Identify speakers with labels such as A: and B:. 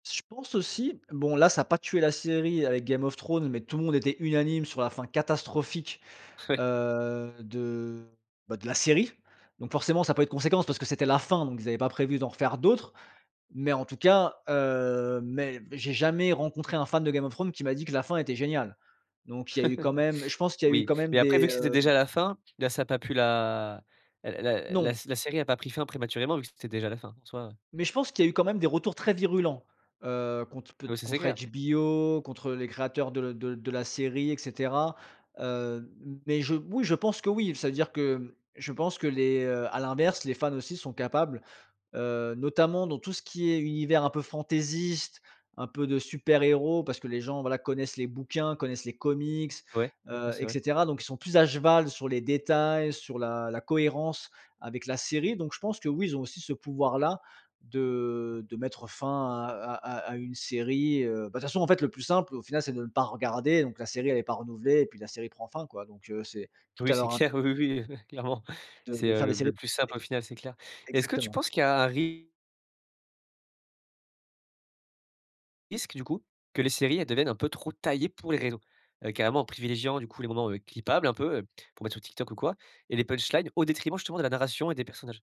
A: Je pense aussi. Bon là ça a pas tué la série, avec Game of Thrones, mais tout le monde était unanime sur la fin catastrophique,
B: Oui.
A: heu, de bah, de la série. Donc forcément ça a pas eu de conséquences, parce que c'était la fin. Donc ils avaient pas prévu d'en refaire d'autres. Mais en tout cas, heu mais j'ai jamais rencontré, un fan de Game of Thrones qui m'a dit que la fin était géniale. Donc il y a eu quand même je pense qu'il y eu
B: Oui.
A: quand même
B: Mais après
A: des,
B: vu que c'était
A: hem
B: déjà la fin, la ça a pas pu la la la
A: Non.
B: la série a pas pris fin prématurément vu que c'était déjà la fin, en soi, heu
A: Mais je pense qu'il y eu quand même des retours très virulents, heu, contre pe
B: Ah bah, ça c'est
A: contre
B: clair.
A: HBO, contre, heu, les créateurs de l de l de la série et cetera, heu, mais je oui je pense que oui. Ça veut dire que, je pense que les, heu à l'inverse les fans aussi sont capables, heu, notamment dans tout ce qui est univers un peu fantaisiste, un peu de super héros parce que les gens, voilà, connaissent les bouquins, connaissent les comics,
B: Ouais, ouais,
A: heu
B: c'est
A: et
B: vrai.
A: cetera. Donc ils sont plus à cheval sur les détails, sur la la cohérence avec la série. Donc je pense que oui, ils ont aussi ce pouvoir là de de mettre fin à à à à une série, heu. Bah, de toute façon en fait, le plus simple au final c'est de ne pas regarder, donc la série elle est pas renouvelée et puis la série prend fin, quoi. Donc heu, c'est tout
B: Oui
A: à
B: c'est
A: leur in
B: clair, oui, oui, heu, clairement.
A: De
B: C'est,
A: de
B: heu,
A: faire
B: le
A: des séries
B: le plus simple au final, c'est clair
A: é
B: et est-ce que tu
A: exactement.
B: penses qu'il y a un ri risque du coup, que les séries elles deviennent un peu trop taillées pour les réseaux? Heu, carrément en privilégiant du coup les moments, heu, clippables un peu, heu, pour mettre sur TikTok ou quoi et les punchlines, au détriment justement de la narration et des personnages?